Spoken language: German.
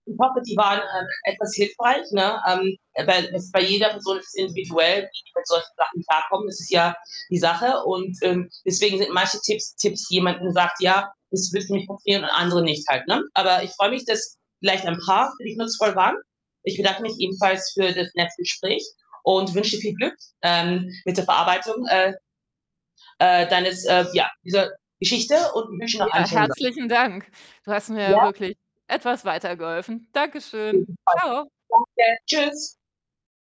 Ich hoffe, die waren, ähm, etwas hilfreich, ne? Ähm, weil das ist bei jeder Person ist das individuell, wie sie mit solchen Sachen klarkommen. Das ist ja die Sache und, ähm, deswegen sind manche Tipps Tipps jemand, hm, sagt: „Ja, das wird nicht passieren“ und andere nicht halt, ne? Aber ich freue mich, dass vielleicht ein paar für dich nutzvoll waren. Ich bedanke mich ebenfalls für das nette Gespräch und wünsche dir viel Glück, ähm, mit der Verarbeitung, äh, äh, deines äh, ja, dieser Geschichte und wünsche noch einen Ja, schönen So herzlichen Dank. Du hast mir ja Ja? wirklich etwas weitergeholfen. Auf Dankeschön. jeden Tschau. Fall. Danke. Tschüss.